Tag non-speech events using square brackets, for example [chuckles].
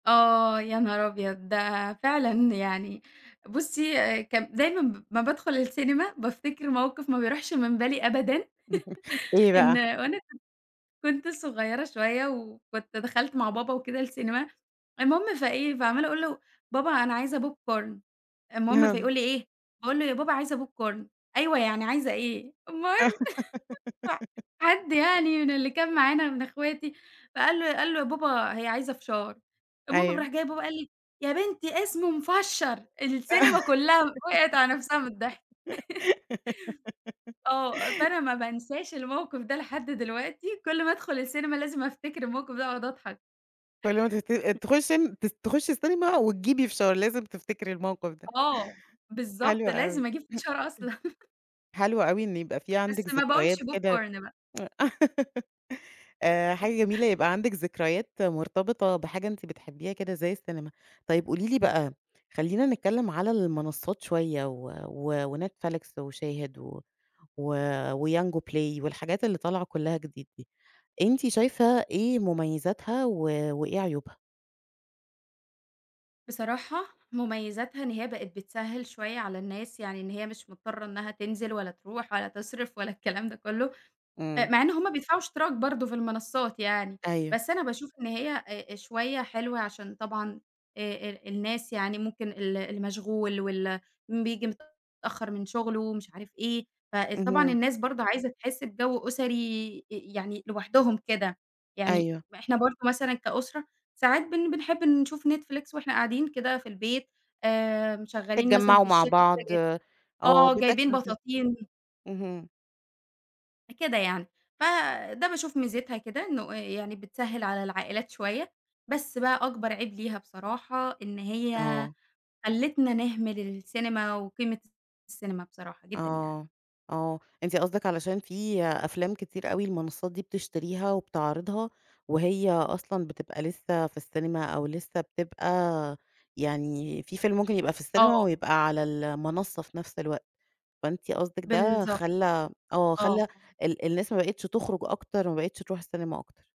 آه، يا نهار أبيض! ده فعلًا يعني بُصّي كان دايمًا ب أمّا بادخل السينما بافتكر موقف ما بيروحش من بالي أبدًا [laughs] إيه [chuckles] إن بقى؟ وأنا كنت كنت صغيّرة شوية وكنت دخلت مع بابا وكده السينما، المهم فإيه فعمّالة أقول له: "بابا أنا عايزة popcorn" المهم اهم. فيقول لي: "إيه؟" باقول له: "يا بابا عايزة popcorn" "أيوه يعني عايزة إيه؟" المهم [chuckles] ف [giggles] حد يعني من اللي كان معانا من أخواتي فقال له قال له: "يا بابا هي عايزة فشار" المهم أيوه. فراح جاي بابا قال لي: "يا بنتي اسمه مِفشّر" السينما كلّها وقعِت على نَفسها من الضحك. [laughs] [giggles] آه، فأنا ما بانساش الموقف ده لحد دلوقتي كل ما ادخل السينما لازم افتكر الموقف ده واقعُد اضحك. فاللي هو أنتِ [chuckles] ت تخشّي م تس تخشّي السينما وتجيبي فشار، لازم تفتكري الموقف ده. آه، حلو بالضبط أوي، لازم أجيب [clears throat] فشار أصلًا. [chuckles] حلو أوي إن يبقى في بس عندِك ما باقولش ذكريات كده popcorn بقى. [laughs] آآ، حاجة جميلة [chuckles] يبقى عندِك ذكريات مرتبطة بحاجة أنتِ بتحبيها كده زي السينما. طيب قولي لي بقى خلّينا نتكلم على المنصّات شوية و و وNetflix وShahid و و وYango Play والحاجات اللي طالعة كلّها جديد دي، أنتِ شايفة إيه مميزاتها و وإيه عيوبها؟ بصراحة مميزاتها إن هي بقت بتسهّل شوية على الناس يعني إن هي مش مضطرة إنّها تنزل ولا تروح ولا تصرف ولا الكلام ده كله، آآ إمم. مع إن هُم بيدفعوا اشتراك برضه في المنصّات يعني. أيوه. بس أنا باشوف إن هي آآ، آآ شوية حلوة عشان طبعًا آآ ال الناس يعني ممكن ال اللي مشغول واللي م بييجي متأخر من شُغله ومش عارف إيه، فال طبعًا اهم. الناس برضه عايزة تحس بجو أُسري أ يعني لوحدهم كده يعني، أيوه. ما إحنا برضه مثلًا كأُسرة ساعات بن بنحب نشوف Netflix وإحنا قاعدين كده في البيت آآ، مشغّلين مثلًا في تتجمّعوا مع الشتا كده بعض، جايب آه آه جايبين بتاكلوا ت بطاطين اهم. أ كده يعني، ف ده باشوف ميزِتها كده إنه آآ يعني بتسهّل على العائلات شوية، بس بقى أكبر عيب ليها بصراحة إن هي آه. خلِّتنا نهمل السينما وقيمة الت السينما بصراحة جدًا يعني. آه، آه، أنتِ قصدِك علشان في أفلام كتير أوي المنصّات دي بتشتريها وبتعرضها وهي أصلًا بتبقى لسه في السينما أو لسه بتبقى يعني في فيلم ممكن يبقى في السينما آه. ويبقى على المنصّة في نفس الوقت. فأنتِ قصدِك ده بالضبط. خلّى م آه آه. خلّى ال الناس ما بقِتش تخرج أكتر، ما بقِتش تروح السينما أكتر.